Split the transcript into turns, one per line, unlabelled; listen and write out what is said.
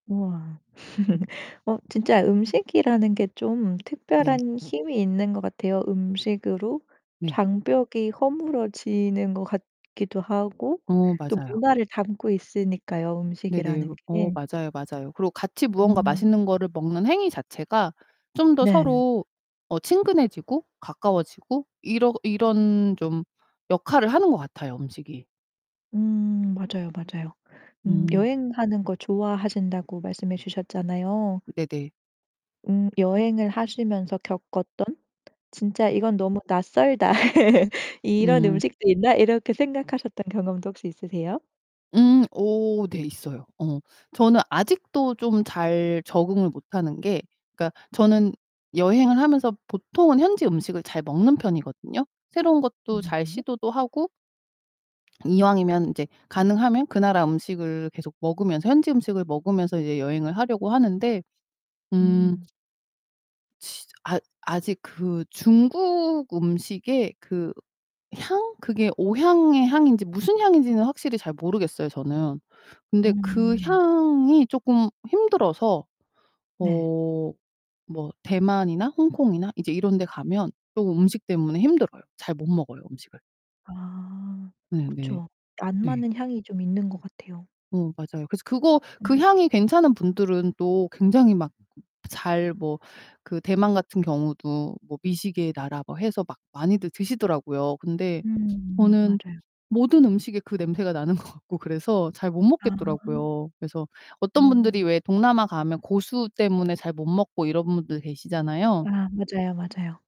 우와. 어 진짜 음식이라는 게 좀
네.
특별한 힘이 있는 것 같아요. 음식으로
네.
장벽이 허물어지는 것 같기도 하고
어
또
맞아요.
문화를 담고 있으니까요,
네네.
음식이라는
어
게.
맞아요, 맞아요. 그리고 같이 무언가
음.
맛있는 거를 먹는 행위 자체가 좀 더
네.
서로 어 친근해지고 가까워지고 이러 이런 좀 역할을 하는 것 같아요, 음식이.
음 맞아요, 맞아요. 음
음.
여행하는 거 좋아하신다고 말씀해 주셨잖아요.
네네.
음 여행을 하시면서 겪었던 '진짜
네.
이건 너무 낯설다. 이런
음.
음식도 있나?' 이렇게 생각하셨던 경험도 혹시 있으세요?
음. 어 네 있어요. 어 저는 아직도 좀 잘 적응을 못 하는 게 그러니까 저는 여행을 하면서 보통은 현지 음식을 잘 먹는 편이거든요. 새로운 것도
음
잘
네.
시도도 하고 이왕이면 이제 가능하면 그 나라 음식을 계속 먹으면서 현지 음식을 먹으면서 이제 여행을 하려고 하는데 음
음.
진짜 아 아직 그 중국음식의 그 향? 그게 오향의 향인지 무슨 향인지는 확실히 잘 모르겠어요, 저는. 근데 그
음.
향이 쪼끔 힘들어서
네.
어 뭐 대만이나 홍콩이나 이제 이런데 가면 쪼금 음식 때문에 힘들어요. 잘 못 먹어요, 음식을.
아
네 네.
그쵸. 안
네.
맞는 향이 좀 있는 것 같아요.
어, 맞아요. 그래서 그거 그
음.
향이 괜찮은 분들은 또 굉장히 막 잘 뭐 그 대만 같은 경우도 뭐 "미식의 나라." 뭐 해서 막 많이들 드시더라고요. 근데
음
저는
맞아요.
모든 음식에 그 냄새가 나는 것 같고 그래서 잘 못
아.
먹겠더라고요. 그래서 어떤 분들이
어.
왜 동남아 가면 고수 때문에 잘 못 먹고 이런 분들 계시잖아요.
아 맞아요, 맞아요.